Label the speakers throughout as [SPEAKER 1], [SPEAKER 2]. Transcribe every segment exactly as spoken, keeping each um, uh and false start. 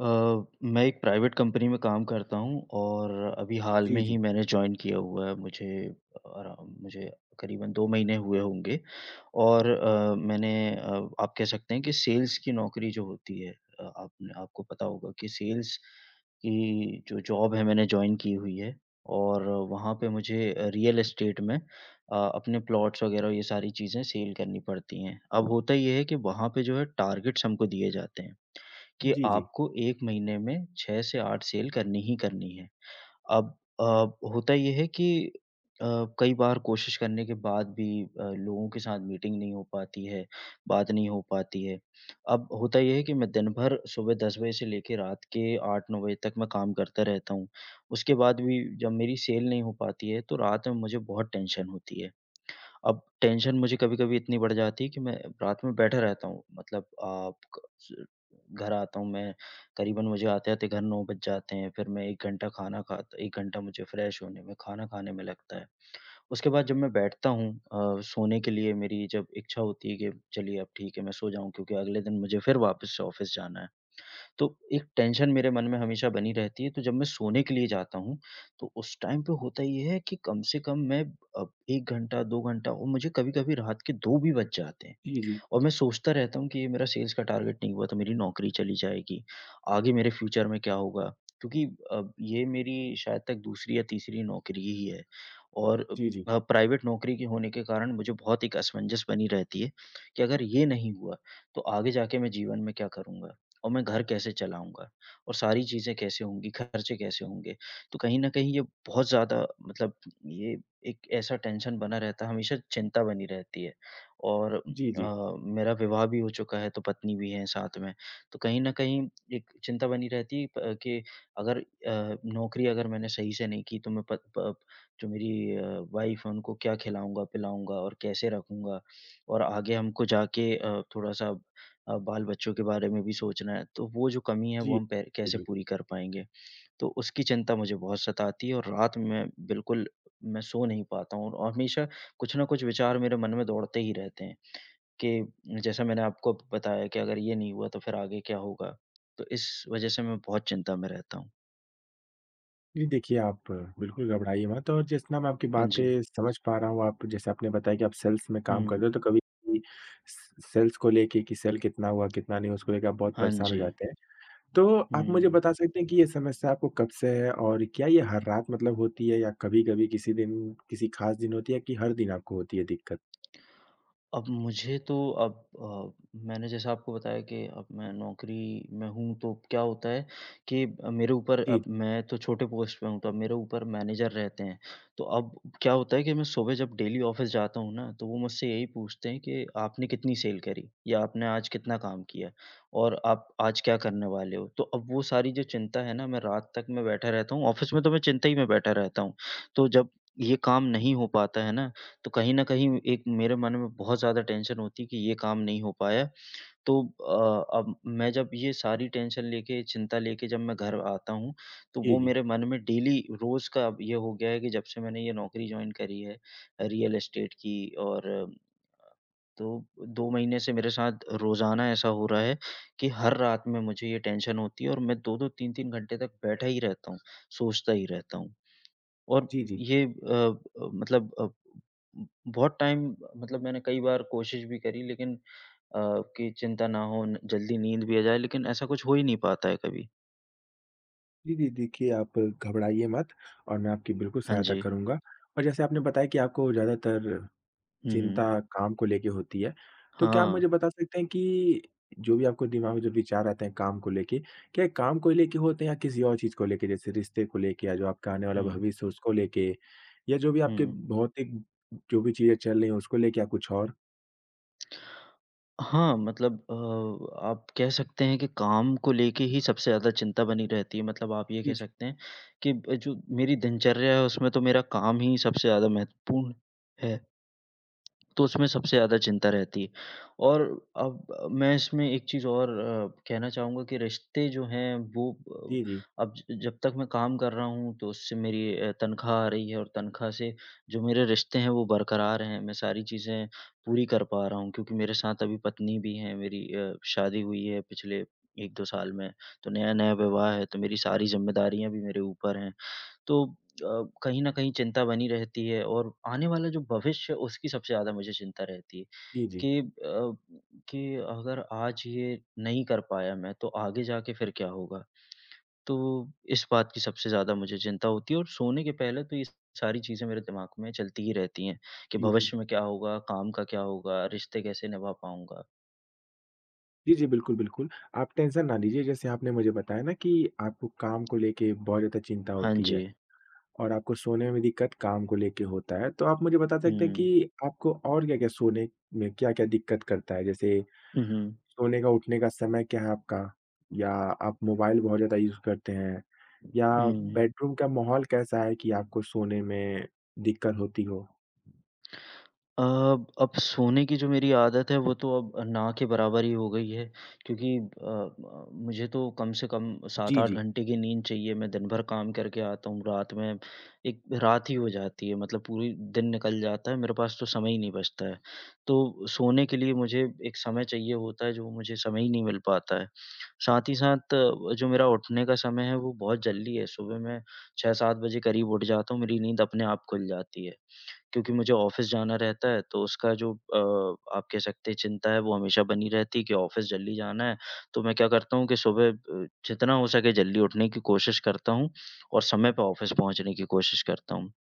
[SPEAKER 1] अ, मैं एक private company में काम करता हूँ और अभी हाल में
[SPEAKER 2] जी,
[SPEAKER 1] ही
[SPEAKER 2] जी।
[SPEAKER 1] मैंने जॉइन किया हुआ है, मुझे आराम मुझे करीबन दो महीने हुए होंगे और अ, मैंने अ, आप कह सकते हैं कि सेल्स की नौकरी जो होती है अ, आप न आपको पता होगा कि सेल्स की जो जॉब है मैंने जॉइन की हुई है और वहाँ पे मुझे रियल एस्टेट में अ, अपने प्लॉट्स वगैरह ये सारी चीजें सेल करनी पड़ती है। अब होता ये है कि वहाँ पे जो है टार्गेट्स हमको दिए जाते हैं, कि
[SPEAKER 2] जी, जी।
[SPEAKER 1] आपको एक महीने में छह से आठ सेल करनी ही करनी है। अब अ, होता ये है कि अ, कई बार कोशिश करने के बाद भी अ, लोगों के साथ मीटिंग नहीं हो पाती है, बात नहीं हो पाती है, अब होता ये है कि मैं दिन भर सुबह दस बजे से लेके रात के आठ नौ बजे तक मैं काम करता रहता हूँ, उसके बाद भी जब मेरी सेल नहीं हो पाती है, तो रात में मुझे बहुत टेंशन होती है, अब टेंशन मुझे कभी-कभी इतनी बढ़ जाती है कि मैं रात में बैठा रहता हूँ, मतलब आप क स घर आता हूँ मैं करीबन मुझे आते-आते घर नौ बज जाते हैं, फिर मैं एक घंटा खाना खाता एक घंटा मुझे फ्रेश होने में, खाना खाने में लगता है। उसके बाद जब मैं बैठता हूँ, अ, सोने के लिए मेरी जब इच्छा होती है कि चलिए अब ठीक है, मैं सो जाऊँ क्योंकि अगले दिन मुझे फिर वापस से ऑफ़िस जाना है। तो एक टेंशन मेरे मन में हमेशा बनी रहती है, तो जब मैं सोने के लिए जाता हूँ, तो उस टाइम पे होता ये है कि कम से कम मैं अ, एक घंटा दो घंटा और मुझे कभी-कभी रात के दो भी बज जाते हैं।
[SPEAKER 2] जी, जी।
[SPEAKER 1] और मैं सोचता रहता हूँ कि ये मेरा सेल्स का टारगेट नहीं हुआ तो मेरी नौकरी चली जाएगी, आगे मेरे फ़्यूचर में क्या होगा? क्योंकि अ, ये मेरी शायद तक दूसरी या तीसरी नौकरी ही है और अ
[SPEAKER 2] जी, जी।
[SPEAKER 1] अ, प्राइवेट नौकरी के होने के कारण मुझे बहुत एक असमंजस बनी रहती है कि अगर ये नहीं हुआ तो आगे जाके मैं जीवन में क्या करूँगा और मैं घर कैसे चलाऊँगा? और सारी चीज़ें कैसे होंगी, खर्चे कैसे होंगे? तो कहीं न कहीं ये बहुत ज़्यादा मतलब ये एक ऐसा टेंशन बना रहता है, हमेशा चिंता बनी रहती है। और उम,
[SPEAKER 2] जी, जी।
[SPEAKER 1] अ, मेरा विवाह भी हो चुका है तो पत्नी भी हैं साथ में तो कहीं न कहीं एक चिंता बनी रहती है प के अगर अ, नौकरी अगर मैंने सही से नहीं की तो मैं प प जो मेरी अ, वाइफ है उनको क्या खिलाऊँगा, पिलाऊँगा और कैसे रखूँगा। और आगे हमको जाके अ, थोड़ा-सा अ, बाल बच्चों के बारे में भी सोचना है तो वो जो कमी है वो
[SPEAKER 2] जी।
[SPEAKER 1] हम पै कैसे
[SPEAKER 2] [unintelligible]
[SPEAKER 1] पूरी कर पाएँगे? तो उसकी चिंता मुझे बहुत सताती है और रात में बिल्कुल मैं सो नहीं पाता हूँ औ और हमेशा कुछ ना कुछ विचार मेरे मन में दौड़ते ही रहते हैं कि जैसा मैंने आपको बताया कि अगर ये नहीं हुआ तो फिर आगे क्या होगा? तो इस वजह से मैं बहुत चिंता में रहता हूँ।
[SPEAKER 2] जी, देखिए आप बिल्कुल घबराइए मत और जितना मैं आपकी
[SPEAKER 1] हाँ जी।
[SPEAKER 2] बातें समझ पा रहा हूँ, आप जैसे आपने बताया कि आप सेल्स में काम कर रहे
[SPEAKER 1] हुँ।
[SPEAKER 2] हो, तो कभी भी स स सेल्स को लेके कि सेल कितना हुआ, कितना नहीं हुआ उसको लेके आप बहुत
[SPEAKER 1] हाँ
[SPEAKER 2] परेशान हो
[SPEAKER 1] जी।
[SPEAKER 2] जाते हैं। तो आप मुझे
[SPEAKER 1] हुँ।
[SPEAKER 2] बता सकते हैं कि ये समस्या आपको कब से है? और क्या ये हर रात मतलब होती है या कभी-कभी किसी दिन, किसी खास दिन होती है कि हर दिन आपको होती है दिक्कत?
[SPEAKER 1] अब मुझे तो अब अ, मैंने जैसा आपको बताया कि अब मैं नौकरी में हूँ, तो क्या होता है कि अ, मेरे ऊपर
[SPEAKER 2] जी।
[SPEAKER 1] अब मैं तो छोटे पोस्ट पे हूँ, तो अब मेरे ऊपर मैनेजर रहते हैं। तो अब क्या होता है कि मैं सुबह जब डेली ऑफ़िस जाता हूँ ना, तो वो मुझसे यही पूछते हैं कि आपने कितनी सेल करी या आपने आज कितना काम किया और आप आज क्या करने वाले हो? तो अब वो सारी जो चिंता है ना, मैं रात तक मैं बैठा रहता हूँ ऑफ़िस में तो मैं चिंता ही में बैठा रहता हूँ। तो जब ये काम नहीं हो पाता है ना, तो कहीं न कहीं एक मेरे मन में बहुत ज़्यादा टेंशन होती है कि ये काम नहीं हो पाया। तो अ, अब मैं जब ये सारी टेंशन लेके, चिंता लेके जब मैं घर आता हूँ, तो
[SPEAKER 2] जी,
[SPEAKER 1] वो
[SPEAKER 2] जी।
[SPEAKER 1] मेरे मन में डेली रोज़ का अब ये हो गया है कि जब से मैंने ये नौकरी जॉइन करी है अ, रियल एस्टेट की और अ, तो दो महीने से मेरे साथ रोज़ाना ऐसा हो रहा है कि हर रात में मुझे ये टेंशन होती है और मैं दो दो तीन तीन घंटे तक बैठा ही रहता हूँ, सोचता ही रहता हूँ। और
[SPEAKER 2] जी, जी।
[SPEAKER 1] ये अ अ, मतलब अ, बहुत टाइम ब मतलब मैंने कई बार कोशिश भी करी लेकिन अ, कि चिंता ना हो न जल्दी नींद भी आ जाए, लेकिन ऐसा कुछ हो ही नहीं पाता है कभी।
[SPEAKER 2] जी, जी, देखिए आप घबराइए मत और मैं आपकी बिल्कुल
[SPEAKER 1] हाँ
[SPEAKER 2] सहायता
[SPEAKER 1] जी।
[SPEAKER 2] करूँगा और जैसे आपने बताया कि आपको ज़्यादातर
[SPEAKER 1] हुँ,
[SPEAKER 2] चिंता
[SPEAKER 1] हुँ।
[SPEAKER 2] काम को लेके होती है, तो क्या आप मुझे
[SPEAKER 1] हाँ।
[SPEAKER 2] बता सकते हैं कि जो भी आपको दिमाग में जो विचार आते हैं काम को लेके, क्या ये काम को लेके होते हैं या किसी और चीज़ को लेके? जैसे रिश्ते को लेके या जो आपका आने वाला
[SPEAKER 1] हुँ।
[SPEAKER 2] भविष्य है उसको लेके या जो भी आपके
[SPEAKER 1] हुँ।
[SPEAKER 2] भौतिक जो भी चीज़ें चल रही है उसको लेके या कुछ और?
[SPEAKER 1] हाँ, मतलब अ, आप कह सकते हैं कि काम को लेके ही सबसे ज़्यादा चिंता बनी रहती है, मतलब आप ये कह
[SPEAKER 2] जी, जी।
[SPEAKER 1] सकते हैं कि ब जो मेरी दिनचर्या है उसमें तो मेरा काम ही सबसे ज़्यादा महत्वपूर्ण है। तो उसमें सबसे ज़्यादा चिंता रहती है। और अब मैं इसमें एक चीज़ और अ, कहना चाहूँगा कि रिश्ते जो हैं वो
[SPEAKER 2] जी, जी।
[SPEAKER 1] अब जब तक मैं काम कर रहा हूँ तो उससे मेरी अ, तनख्वाह आ रही है और तनख्वाह से जो मेरे रिश्ते हैं वो बरकरार हैं मैं सारी चीज़ें पूरी कर पा रहा हूँ, क्योंकि मेरे साथ अभी पत्नी भी है, मेरी अ, शादी हुई है पिछले एक दो साल में। तो नया-नया विवाह है, तो मेरी सारी जिम्मेदारियाँ भी मेरे ऊपर हैं तो अ, कहीं न कहीं चिंता बनी रहती है और आने वाला जो भविष्य है उसकी सबसे ज़्यादा मुझे चिंता रहती है।
[SPEAKER 2] जी, जी।
[SPEAKER 1] कि अब कि अगर आज ये नहीं कर पाया मैं तो आगे जाके फिर क्या होगा? तो इस बात की सबसे ज्यादा मुझे चिंता होती है और सोने के पहले तो ये स सारी चीज़ें मेरे दिमाग में चलती ही रहती है, कि
[SPEAKER 2] जी,
[SPEAKER 1] भविष्य
[SPEAKER 2] जी।
[SPEAKER 1] में क्या होगा, काम का क्या होगा, रिश्ते कैसे निभा पाऊँगा?
[SPEAKER 2] जी, जी, बिल्कुल, बिल्कुल, आप टेंशन ना लीजिए। जैसे आपने मुझे बताया ना कि आपको काम को लेके बहुत ज़्यादा चिंता
[SPEAKER 1] हाँ
[SPEAKER 2] होती है
[SPEAKER 1] जी।
[SPEAKER 2] और आपको सोने में भी दिक्कत काम को लेके होता है, तो आप मुझे बता सकते हैं
[SPEAKER 1] हुँ।
[SPEAKER 2] कि आपको और क्या-क्या सोने में क्या-क्या दिक्कत करता है? जैसे
[SPEAKER 1] हुँ, हुँ।
[SPEAKER 2] सोने का, उठने का समय क्या है आपका? या आप मोबाइल बहुत ज़्यादा यूज़ करते हैं, या
[SPEAKER 1] हुँ।
[SPEAKER 2] बेडरूम का माहौल कैसा है कि आपको सोने में दिक्कत होती हो?
[SPEAKER 1] अ, अब सोने की जो मेरी आदत है, वो तो अब, ना के बराबर ही हो गई है। क्योंकि अ अ, मुझे तो कम से कम
[SPEAKER 2] जी,
[SPEAKER 1] सात-आठ
[SPEAKER 2] जी।
[SPEAKER 1] घंटे की नींद चाहिए, मैं दिन भर काम करके आता हूँ, रात में एक रात ही हो जाती है, मतलब पूरी दिन निकल जाता है, मेरे पास तो समय ही नहीं बचता है। तो सोने के लिए मुझे एक समय चाहिए होता है, जो मुझे समय ही नहीं मिल पाता है। साथ ही साथ जो मेरा उठने का समय है, वो बहुत जल्दी है। सुबह मैं छह सात बजे करीब उठ जाता हूँ, मेरी नींद अपने आप खुल जाती है। क्योंकि मुझे ऑफ़िस जाना रहता है, तो उसका जो अ, आप कह सकते हैं, चिंता है, वो हमेशा बनी रहती है कि ऑफ़िस जल्दी जाना है। तो मैं क्या करता हूँ कि सुबह अ, जितना हो सके, जल्दी उठने की कोशिश करता हूँ और समय पे ऑफ़िस पहुँचने की कोशिश करता हूँ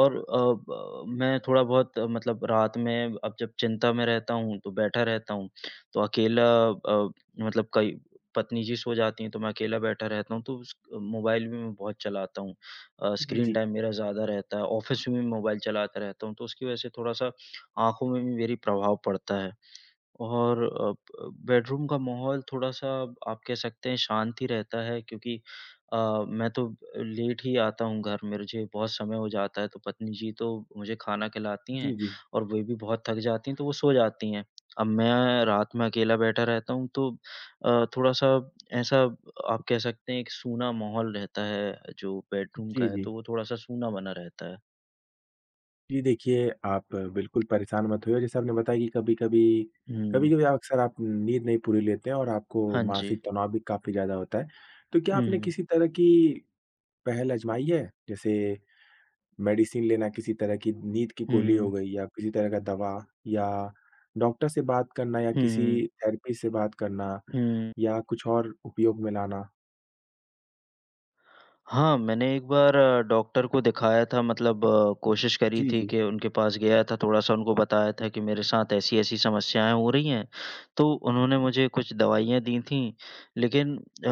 [SPEAKER 1] और अ, ब मैं थोड़ा बहुत मतलब रात में अब जब चिंता में रहता हूँ, तो बैठा रहता हूँ। तो अकेला अ, मतलब कई पत्नी जी सो जाती हैं, तो मैं अकेला बैठा रहता हूँ, तो उस क मोबाइल भी मैं बहुत चलाता हूँ। अ,
[SPEAKER 2] जी,
[SPEAKER 1] स्क्रीन
[SPEAKER 2] जी।
[SPEAKER 1] टाइम मेरा ज़्यादा रहता है, ऑफ़िस में भी मोबाइल चलाता रहता हूँ। तो उसकी वजह से थोड़ा-सा आँखों में भी मेरी प्रभाव पड़ता है और अ अ, बेडरूम का माहौल थोड़ा-सा, आप कह सकते हैं, शांत ही रहता है, क्योंकि अ, मैं तो अब लेट ही आता हूँ घर। मिरझे बहुत समय हो जाता है, तो पत्नी जी तो मुझे खाना खिलाती हैं
[SPEAKER 2] जी, जी।
[SPEAKER 1] और वे भी बहुत थक जाती हैं, तो वो सो जाती हैं। अब मैं रात में अकेला बैठा रहता हूँ, तो अ, थोड़ा-सा, ऐसा आप कह सकते हैं, एक सूना माहौल रहता है, जो बेडरूम का
[SPEAKER 2] जी,
[SPEAKER 1] है,
[SPEAKER 2] जी।
[SPEAKER 1] तो वो थोड़ा-सा सूना बना रहता है।
[SPEAKER 2] जी देखिए, आप बिल्कुल परेशान मत होइए जैसे आपने बताया कि कभी-कभी,
[SPEAKER 1] हुँ।
[SPEAKER 2] कभी-कभी अक्सर आप नींद नहीं पूरी लेते हैं और आपको
[SPEAKER 1] हाँ जी।
[SPEAKER 2] मानसिक तनाव भी काफ़ी ज़्यादा होता है। तो क्या आपने
[SPEAKER 1] हुँ।
[SPEAKER 2] किसी तरह की पहल आज़माई है? जैसे मेडिसिन लेना किसी तरह की नींद की
[SPEAKER 1] हुँ,
[SPEAKER 2] गोली हो
[SPEAKER 1] हुँ।
[SPEAKER 2] गई या किसी तरह का दवा या डॉक्टर से बात करना या
[SPEAKER 1] हुँ,
[SPEAKER 2] किसी
[SPEAKER 1] हुँ।
[SPEAKER 2] थेरेपी से बात करना
[SPEAKER 1] हुँ।
[SPEAKER 2] या कुछ और उपयोग में लाना।
[SPEAKER 1] हाँ, मैंने एक बार डॉक्टर को दिखाया था मतलब कोशिश करी
[SPEAKER 2] जी,
[SPEAKER 1] थी
[SPEAKER 2] जी।
[SPEAKER 1] कि उनके पास गया था थोड़ा-सा उनको बताया था कि मेरे साथ ऐसी-ऐसी समस्याएँ हो रही है। तो उन्होंने मुझे कुछ दवाइयाँ दीं थीं लेकिन अ,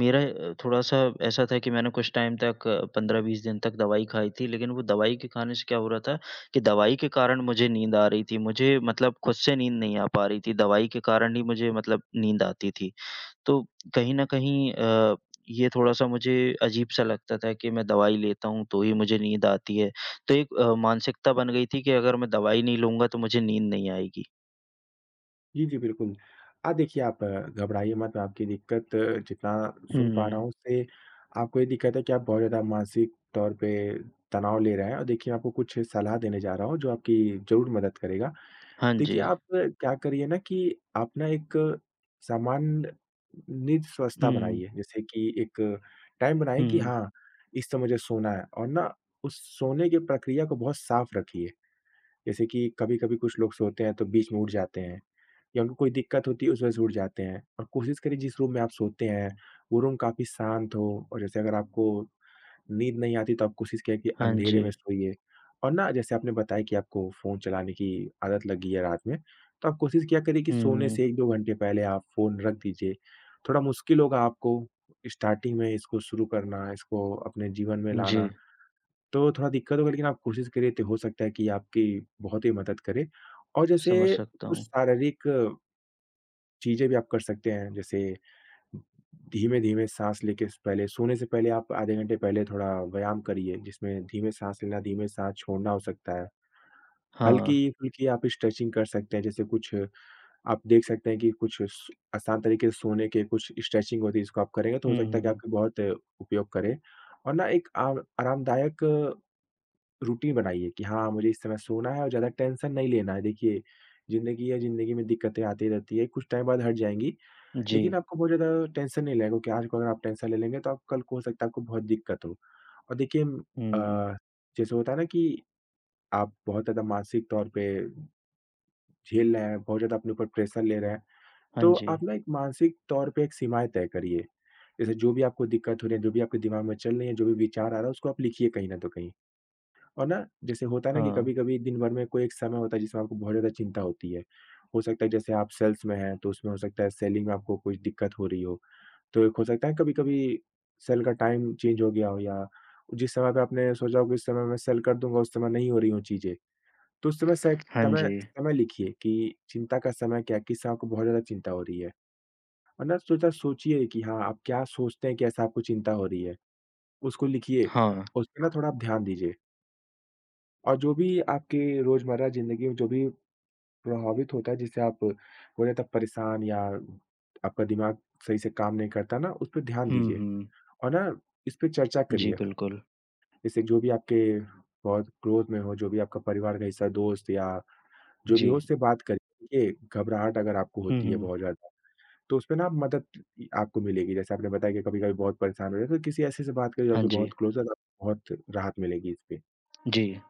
[SPEAKER 1] मेरा अ, थोड़ा-सा ऐसा था कि मैंने कुछ टाइम तक पंद्रह बीस दिन तक दवाई खाई थी लेकिन वो दवाई के खाने से क्या हो रहा था कि दवाई के कारण मुझे नींद आ रही थी मुझे मतलब खुद से नींद नहीं आ पा रही थी दवाई के कारण ही मुझे मतलब नींद आती थी। तो कहीं न कहीं अ, ये थोड़ा-सा मुझे अजीब-सा लगता था कि मैं दवाई लेता हूँ तो ही मुझे नींद आती है तो एक अ, मानसिकता बन गई थी कि अगर मैं दवाई नहीं लूँगा तो मुझे नींद नहीं आएगी।
[SPEAKER 2] जी, जी, बिल्कुल। अ, देखिए आप घबराइए मत, आपकी दिक्कत जितना सुन पा रहा हूँ
[SPEAKER 1] हुँ।
[SPEAKER 2] उससे आपको ये दिक्कत है कि आप बहुत ज़्यादा मानसिक तौर पे तनाव ले रहे हैं और देखिए मैं आपको कुछ सलाह देने जा रहा हूँ, जो आपकी ज़रूर मदद करेगा।
[SPEAKER 1] हाँ
[SPEAKER 2] देखिए,
[SPEAKER 1] जी।
[SPEAKER 2] आप क्या करिए ना कि आप ना एक सामान्य नींद स्वस्था
[SPEAKER 1] हुँ।
[SPEAKER 2] बनाइए जैसे कि एक टाइम बनाइए कि
[SPEAKER 1] हुँ।
[SPEAKER 2] हाँ, इस समय मुझे सोना है और ना उस सोने की प्रक्रिया को बहुत साफ़ रखिए। जैसे कि कभी-कभी कुछ लोग सोते हैं, तो बीच में उठ जाते हैं या उनको कोई दिक्कत होती है उस वज़ह से उठ जाते हैं। और कोशिश करिए जिस रूम में आप सोते हैं, वो रूम काफ़ी शांत हो और जैसे अगर आपको नींद नहीं आती, तो आप कोशिश किया कि
[SPEAKER 1] हाँ
[SPEAKER 2] अँधेरे
[SPEAKER 1] जी।
[SPEAKER 2] में सोइए। और ना जैसे आपने बताया कि आपको फ़ोन चलाने की आदत लगी है रात में, तो आप कोशिश किया करे कि सोने
[SPEAKER 1] हुँ।
[SPEAKER 2] से एक दो घंटे पहले आप फ़ोन रख दीजिए। थोड़ा मुश्किल होगा आपको स्टार्टिंग में इसको शुरू करना, इसको अपने जीवन में लाना,
[SPEAKER 1] जी।
[SPEAKER 2] तो थोड़ा दिक्कत होगा लेकिन आप कोशिश करिए ति हो सकता है कि आपकी बहुत ही मदद करे। और जैसे
[SPEAKER 1] समझ सकता
[SPEAKER 2] कुछ
[SPEAKER 1] हूँ।
[SPEAKER 2] शारीरिक चीज़ें भी आप कर सकते हैं जैसे धीमे-धीमे साँस लेके स पहले सोने से पहले आप आधे घंटे पहले थोड़ा व्यायाम करिए, जिसमें धीमे साँस लेना, धीमे साँस छोड़ना हो सकता है।
[SPEAKER 1] हाँ।
[SPEAKER 2] हल्की-फुल्की आप स्ट्रेचिंग कर सकते हैं, जैसे कुछ आप देख सकते हैं कि कुछ स आसान तरीके सोने के कुछ स्ट्रेचिंग होती है इसको आप करेंगे तो हो
[SPEAKER 1] हुँ,
[SPEAKER 2] सकता है
[SPEAKER 1] हुँ।
[SPEAKER 2] कि बहुत उपयोग करें। और ना एक आव आरामदायक रूटीन बनाइए कि हाँ, मुझे इस समय सोना है और ज़्यादा टेंशन नहीं लेना है। देखिए ज़िंदगी है, ज़िंदगी में दिक्कतें आती रहती हैं कुछ टाइम बाद हट जाएँगी।
[SPEAKER 1] जी।
[SPEAKER 2] लेकिन आपको बहुत ज़्यादा टेंशन नहीं लेनी क्योंकि आज को अगर आप टेंशन ले लेंगे, तो आप कल को हो सकता है, आपको बहुत दिक्कत हो। और देखिए
[SPEAKER 1] हुँ, हुँ।
[SPEAKER 2] अ, जैसे होता है ना कि, आप बहुत ज़्यादा मानसिक तौर पे झेल रहे हैं, बहुत ज़्यादा अपने ऊपर प्रेशर ले रहे हैं।
[SPEAKER 1] हाँ
[SPEAKER 2] तो आप
[SPEAKER 1] जी।
[SPEAKER 2] ना एक मानसिक तौर पे एक सीमाएँ तय करिए। जैसे जो भी आपको दिक्कत हो रही है, जो भी आपके दिमाग में चल रही है, जो भी विचार आ रहा है उसको आप लिखिए कहीं न तो कहीं। और ना जैसे होता है ना कि
[SPEAKER 1] हाँ।
[SPEAKER 2] कभी-कभी दिनभर में कोई एक समय होता है जिसमें आपको बहुत ज़्यादा चिंता होती है। हो सकता है, जैसे आप सेल्स में हैं, तो उसमें हो सकता है सेलिंग में आपको कोई दिक्कत हो रही हो। तो एक हो सकता है कभी-कभी सेल का टाइम चेंज हो गया हो या जिस समय पे आपने सोचा होगा कि उस समय मैं सेल कर दूँगा, उस समय नहीं हो रही हो चीज़ें। तो उस समय से
[SPEAKER 1] हाँ
[SPEAKER 2] समय
[SPEAKER 1] जी।
[SPEAKER 2] समय लिखिए कि चिंता का समय क्या है? किस से आपको बहुत ज़्यादा चिंता हो रही है। और ना सोचा सोचिए कि हाँ, आप क्या सोचते हैं, कैसे आपको चिंता हो रही है? उसको लिखिए,
[SPEAKER 1] हाँ।
[SPEAKER 2] उसपे ना थोड़ा आप ध्यान दीजिए। और जो भी आपके रोज़मर्रा ज़िंदगी में जो भी प्रभावित होता है, जिसे आप बोलें, तो परेशान या आपका दिमाग सही से काम नहीं करता ना, उसपे ध्यान
[SPEAKER 1] हुँ,
[SPEAKER 2] दीजिए,
[SPEAKER 1] हुँ।
[SPEAKER 2] और ना, इसपे चर्चा
[SPEAKER 1] जी,
[SPEAKER 2] करिए।
[SPEAKER 1] बिल्कुल।
[SPEAKER 2] जैसे, जो भी आपके बहुत क्लोज़ में हो, जो भी आपका परिवार का हिस्सा, दोस्त या जो भी हो,
[SPEAKER 1] जी।
[SPEAKER 2] उससे बात करके, घबराहट अगर आपको
[SPEAKER 1] हुँ,
[SPEAKER 2] होती है बहुत
[SPEAKER 1] हुँ।
[SPEAKER 2] ज़्यादा, तो उसपे ना मदद आपको मिलेगी। जैसे आपने बताया कि कभी-कभी बहुत परेशान हो रहे हैं, तो किसी ऐसे से बात करें, जो
[SPEAKER 1] हाँ
[SPEAKER 2] आपके
[SPEAKER 1] जी।
[SPEAKER 2] बहुत क्लोज़ हैं, तो आपको बहुत राहत मिलेगी इसपे।
[SPEAKER 1] जी।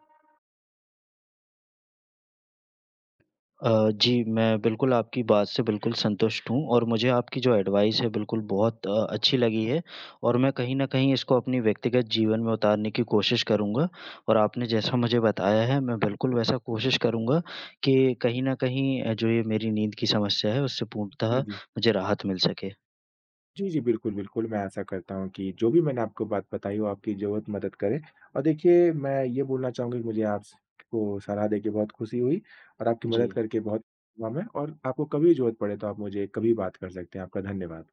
[SPEAKER 1] अ, जी, मैं बिल्कुल आपकी बात से बिल्कुल संतुष्ट हूँ और मुझे आपकी जो एडवाइस है, बिल्कुल, बहुत अ, अच्छी लगी है और मैं कहीं न कहीं इसको अपनी व्यक्तिगत जीवन में उतारने की कोशिश करूँगा और आपने जैसा मुझे बताया है, मैं बिल्कुल वैसा कोशिश करूँगा कि कहीं न कहीं अ, जो ये मेरी नींद की समस्या है, उससे पूर्णतः
[SPEAKER 2] जी, जी।
[SPEAKER 1] मुझे राहत मिल सके।
[SPEAKER 2] जी, जी। बिल्कुल, बिल्कुल, मैं आशा करता हूँ कि जो भी मैंने आपको बात बताई, वो आपकी ज़रूर मदद करे। और देखिए, मैं ये बोलना चाहूँगा कि मुझे आप स को सलाह देके बहुत खुशी हुई और आपकी मदद
[SPEAKER 1] जी।
[SPEAKER 2] करके बहुत हुआ मैं और आपको कभी भी ज़रूरत पड़े, तो आप मुझे कभी भी बात कर सकते हैं। आपका धन्यवाद।